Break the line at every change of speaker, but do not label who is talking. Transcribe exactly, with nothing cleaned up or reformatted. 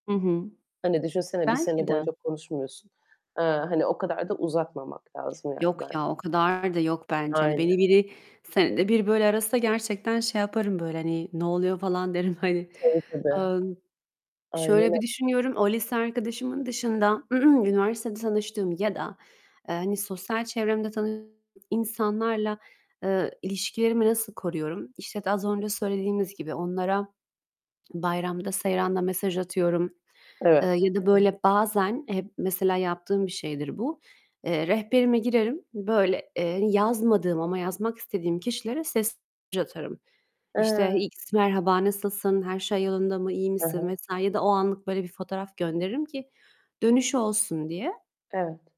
Hı hı.
Hani düşünsene bir sene
Belki de.
boyunca konuşmuyorsun. Eee, hani o kadar da uzatmamak lazım yani
Yok
ben
ya, o kadar da yok bence. Hani beni
Aynen.
biri, senede bir böyle arasa gerçekten şey yaparım, böyle hani, "Ne oluyor?" falan derim, hani.
Tabii ki de.
Iıı, n
Aynen
şöyle bir
öy
düşünüyorum: O lise arkadaşımın dışında, üniversitede tanıştığım ya da, eee, hani sosyal çevremde tanıdığım insanlarla, eee, ilişkilerimi nasıl koruyorum? İşte, t az önce söylediğimiz gibi onlara bayramda seyranda mesaj atıyorum. Eee,
Evet.
ya da böyle bazen Hep mesela yaptığım bir şeydir bu, eee, rehberime girerim. Böyle, eee, yazmadığım ama yazmak istediğim kişilere sesli mesaj atarım. İşte,
Eee
"X merhaba, nasılsın? Her şey yolunda mı? İyi
He he.
misin?" vs. ya da o anlık böyle bir fotoğraf gönderirim ki dönüş olsun diye.
Evet.